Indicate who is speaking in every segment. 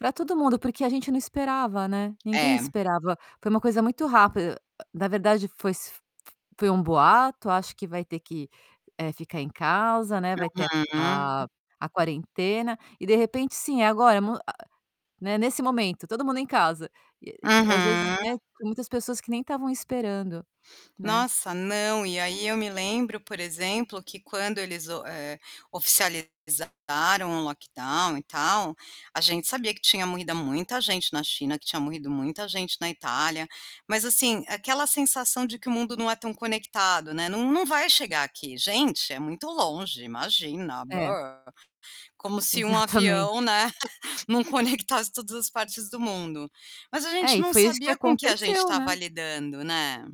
Speaker 1: Para todo mundo porque a gente não esperava, né, ninguém
Speaker 2: É.
Speaker 1: esperava, foi uma coisa muito rápida, na verdade foi f foi um boato, acho que vai ter que, eh, ficar em casa, né, vai ter a
Speaker 2: Uhum.
Speaker 1: a a quarentena, e de repente sim agora, m a né, nesse momento todo mundo em casa, e às vezes,
Speaker 2: Uhum.
Speaker 1: né, tem muitas pessoas que nem estavam esperando, né.
Speaker 2: Nossa, não, e aí eu me lembro por exemplo que quando eles o eh, oficializaram o lockdown e tal, a gente sabia que tinha morrido muita gente na China, que tinha morrido muita gente na Itália, mas assim, aquela sensação de que o mundo não é tão conectado, né. Não não vai chegar aqui, gente, é muito longe, imagina,
Speaker 1: É.
Speaker 2: como se um avião,
Speaker 1: Exatamente.
Speaker 2: né, não conectasse todas as partes do mundo. Mas a
Speaker 1: É
Speaker 2: gente
Speaker 1: e
Speaker 2: não
Speaker 1: foi isso que
Speaker 2: sabia com o que a gente
Speaker 1: aconteceu,
Speaker 2: estava
Speaker 1: né.
Speaker 2: lidando, né.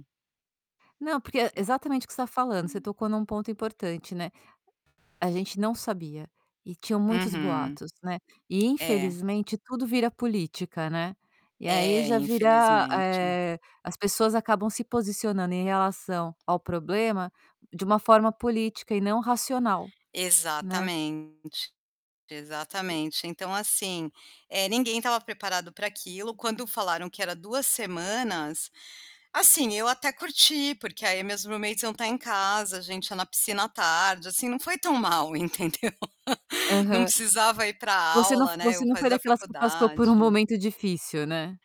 Speaker 1: Não porque é exatamente o que você está falando, você
Speaker 2: Hum.
Speaker 1: tocou em um ponto importante, né. A gente não sabia, e tinham muitos
Speaker 2: Uhum.
Speaker 1: boatos, né. E
Speaker 2: É.
Speaker 1: infelizmente tudo vira política, né. E aí
Speaker 2: É,
Speaker 1: já vira,
Speaker 2: infelizmente.
Speaker 1: eh, as pessoas acabam se posicionando em relação ao problema de uma forma política e não racional, né.
Speaker 2: Exatamente,
Speaker 1: E
Speaker 2: exatamente, então assim, eh, ninguém estava preparado para aquilo, quando falaram que era 2 semanas, assim, eu até curti, porque aí meus roommates iam estar em casa, a gente ia na piscina à tarde, assim, não foi tão mal, entendeu? Não
Speaker 1: Aham.
Speaker 2: precisava ir para
Speaker 1: Você não
Speaker 2: aula, né.
Speaker 1: você
Speaker 2: Eu
Speaker 1: não foi
Speaker 2: fazia
Speaker 1: daquelas que passou por um
Speaker 2: faculdade.
Speaker 1: momento difícil, né.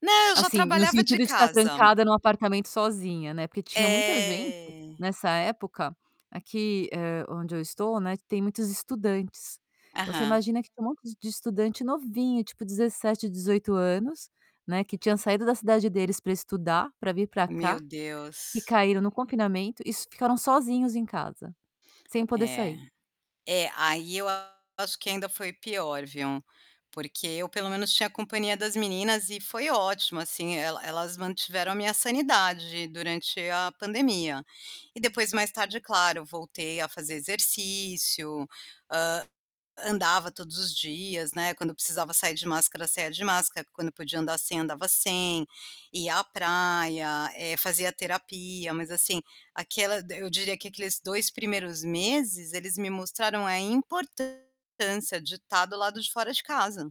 Speaker 2: Não, eu já
Speaker 1: Assim no
Speaker 2: trabalhava
Speaker 1: sentido
Speaker 2: de
Speaker 1: de estar
Speaker 2: casa.
Speaker 1: trancada em um apartamento sozinha, né, porque tinha muita gente,
Speaker 2: É.
Speaker 1: nessa época, aqui, eh, onde eu estou né tem muitos estudantes. Então, você
Speaker 2: Aham.
Speaker 1: imagina que tinha um monte de estudante novinho tipo 17, 18 anos, né, que tinha saído da cidade deles para estudar, para vir para
Speaker 2: Meu
Speaker 1: cá, que
Speaker 2: Deus.
Speaker 1: caíram no confinamento e ficaram sozinhos em casa, sem poder
Speaker 2: É,
Speaker 1: sair.
Speaker 2: é, aí eu acho que ainda foi pior, viu. Porque eu pelo menos tinha companhia das meninas e foi ótimo assim, ela elas mantiveram a minha sanidade durante a pandemia. E depois mais tarde claro, voltei a fazer exercício, hã, andava todos os dias, né, quando eu precisava sair de máscara saía de máscara, quando eu podia andar sem andava sem, ia à praia, eh, fazia terapia, mas assim, aquela eu diria que aqueles 2 primeiros meses, eles me mostraram a importância de estar do lado de fora de casa.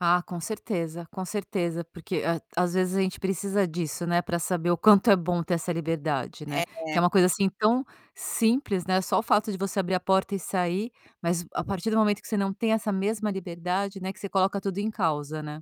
Speaker 1: Ah, com certeza, com certeza porque a às vezes a gente precisa disso, né, para saber o quanto é bom ter essa liberdade, né. Que é
Speaker 2: É.
Speaker 1: uma coisa assim tão simples, né, só o fato de você abrir a porta e sair, mas a partir do momento que você não tem essa mesma liberdade, né, que você coloca tudo em causa, né.